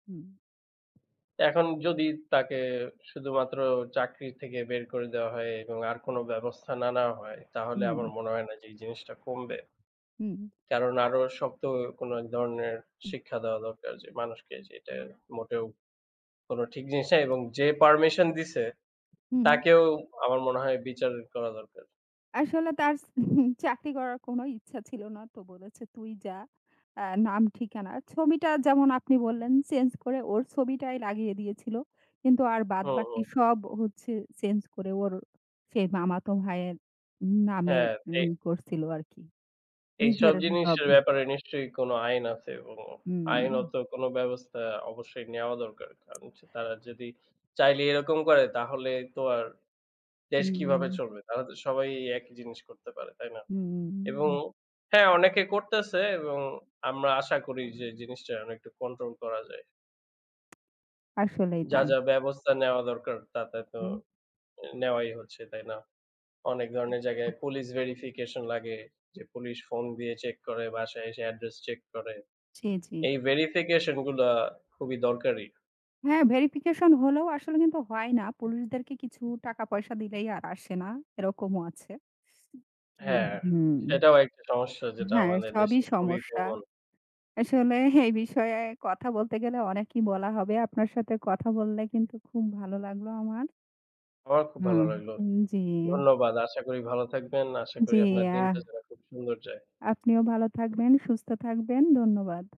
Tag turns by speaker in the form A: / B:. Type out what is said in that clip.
A: হুম।
B: এখন যদি তাকে শুধুমাত্র চাকরির থেকে বের করে দেওয়া হয় এবং আর কোনো ব্যবস্থা না নেওয়া হয়, তাহলে আমার
A: হুম।
B: মনে হয় না যে, এই জিনিসটা কমবে।
A: হুম।
B: কারণ আরও শক্ত কোনো এক ধরনের
A: হু।
B: শিক্ষা দেওয়া দরকার যে, মানুষকে যে এটা মোটেও কোনো ঠিক জিনিস না এবং যে permission দিছে
A: হু, হুম।
B: তাকেও আমার মনে হয় বিচার করা দরকার।
A: আসলে তার চাকরি করার কোনো ইচ্ছা ছিল না। তো বলেছে তুই যা। আ নাম ঠিকানা, ছবিটা যেমন আপনি বললেন change করে ওর ছবিটাই লাগিয়ে দিয়েছিল। কিন্তু আর
B: হ্যাঁ, হ্যাঁ।
A: বাদবাকি সব হচ্ছে change করে ওর সেই মামাতো ভাইয়ের নামে
B: হ্যাঁ, পে
A: মিল করছিল আরকি।
B: এইসব
A: নিজের এসব
B: জিনিসের ব্যাপারে নিশ্চয়ই কোনো আইন আছে এবং
A: হুম।
B: আইনত কোনো ব্যবস্থা অবশ্যই নেওয়া দরকার। কারণ হচ্ছে তারা যদি চাইলেই এরকম করে তাহলে তো আর দেশ কিভাবে
A: হুম।
B: চলবে? তাহলে তো সবাই একই জিনিস করতে পারে, তাই না?
A: হুম।
B: এবং হ্যাঁ, অনেকে করতেছে এবং আমরা আশা করি যে জিনিসটা অনেকটা control করা যায়।
A: আসলেই
B: যা,
A: তাই।
B: যা ব্যবস্থা নেওয়া দরকার তা, তা তো
A: হু।
B: আ নেওয়াই হচ্ছে, তাই না? অনেক ধরনের
A: হু
B: জায়গায় police verification লাগে। যে police phone দিয়ে check করে, বাসায় এসে address check করে।
A: জি, জি।
B: এই verification গুলা খুবই দরকারি।
A: হ্যাঁ, verification হলেও আসলে কিন্তু হয় না। পুলিশদেরকে কিছু টাকা পয়সা দিলেই আর আসে না, এরকমও আছে। জি,
B: হ্যাঁ,
A: হু।
B: সেটাও একটা সমস্যা যেটা
A: হ্যাঁ,
B: আমাদের
A: সবই
B: দেশে খুবই
A: সমস্যা।
B: প্রবল।
A: আসলে এই বিষয়ে কথা বলতে গেলে অনেকই বলা হবে। আপনার সাথে কথা বললে কিন্তু খুব ভালো লাগলো আমার।
B: আমার খুব
A: হু,
B: ভালো লাগলো।
A: উ জি।
B: ধন্যবাদ। আশা করি ভালো থাকবেন। আশা
A: জি,
B: করি আপনার দিনটা
A: আ
B: যেন খুব সুন্দর যায়।
A: আপনিও ভালো থাকবেন, সুস্থ থাকবেন। ধন্যবাদ।